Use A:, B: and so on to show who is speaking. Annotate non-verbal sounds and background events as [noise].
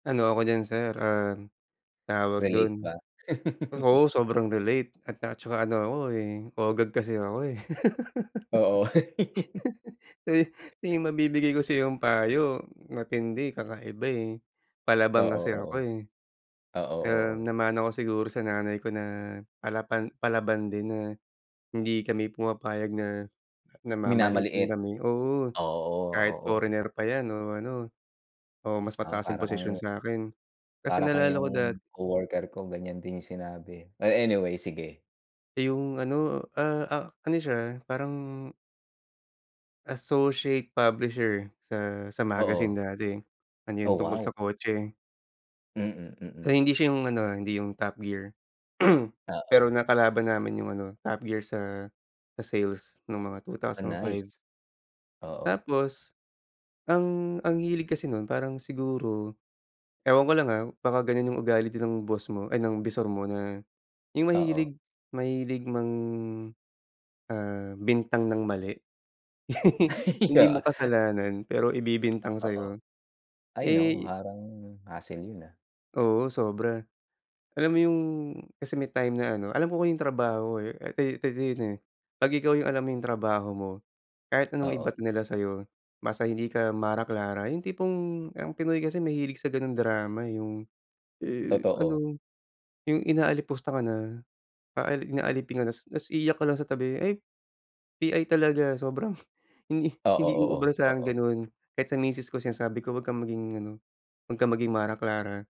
A: Ano ako diyan sir, ah, tawag
B: Relate
A: dun
B: ba? [laughs]
A: oo, sobrang relate at na tsaka ano ako, eh, OGAG kasi ako eh.
B: Oo.
A: [laughs] Eh, may
B: [laughs]
A: mabibigay ko sa'yong payo, matindi, kakaiba, eh.
B: Oo
A: Palaban kasi
B: oo.
A: ako, eh.
B: Oo
A: Ah,
B: oo.
A: namana ko siguro sa nanay ko na palapan palaban din na hindi kami pumapayag na na mamaliitin
B: Minamaliit.
A: kami. Oo.
B: Oo o
A: Kahit
B: oo.
A: foreigner pa yan, o ano, o mas
B: Ah,
A: mataas ang
B: para
A: posisyon
B: kang
A: sa'kin. Kasi,
B: para kang
A: naalala ko dat
B: yung coworker ko ganyan din yung sinabi. Eh, anyway, sige.
A: Eh, yung ano ah ah ano siya, parang associate publisher sa sa magazine
B: Oo.
A: dati. Ano
B: Oh,
A: yun tungkol sa
B: wow!
A: kotse.
B: Mm mm.
A: Pero hindi siya yung ano, ah, hindi yung Top Gear. [clears throat] Pero
B: Oo.
A: nakalaban namin yung ano, Top Gear sa sa sales nung mga two
B: Ah,
A: thousand
B: nice.
A: five.
B: Oo.
A: Tapos ang ang hilig kasi nun parang siguro ewan ko lang ah, baka ganyan yung ugal din ng boss mo ay ng bisor mo na yung
B: Oo.
A: mahilig mahilig mang, ah, bintang ng mali. [laughs]
B: [laughs]
A: Hindi mo
B: Oo.
A: kasalanan pero
B: Ah,
A: ibibintang
B: oo.
A: sa'yo.
B: Ay, naku,
A: Eh
B: parang hassle yun, ah.
A: Oo, sobra. Alam mo yung kasi may time na ano alam ko yung trabaho eh eto 'to yun, eh. 'Pag ikaw yung alam mo yung trabaho mo, kahit anong
B: Oo.
A: ibato nila sayo, basta hindi ka Mara Clara, yung tipong ang Pinoy kasi nahilig sa ganong drama eh, yung, eh,
B: Totoo.
A: ano yung inaalipusta ka na, paali inaalipin ka na ta's ta's iiyak ka lang sa tabi. Ay! PI talaga [scoffs] sobrang [blows air] hindi
B: Oo
A: hindi uubra
B: oo.
A: sa'kin yung
B: Oo.
A: ganun. Kahit sa misis ko sinasabi ko, "Huwag kang maging ano huwag kang maging Mara Clara."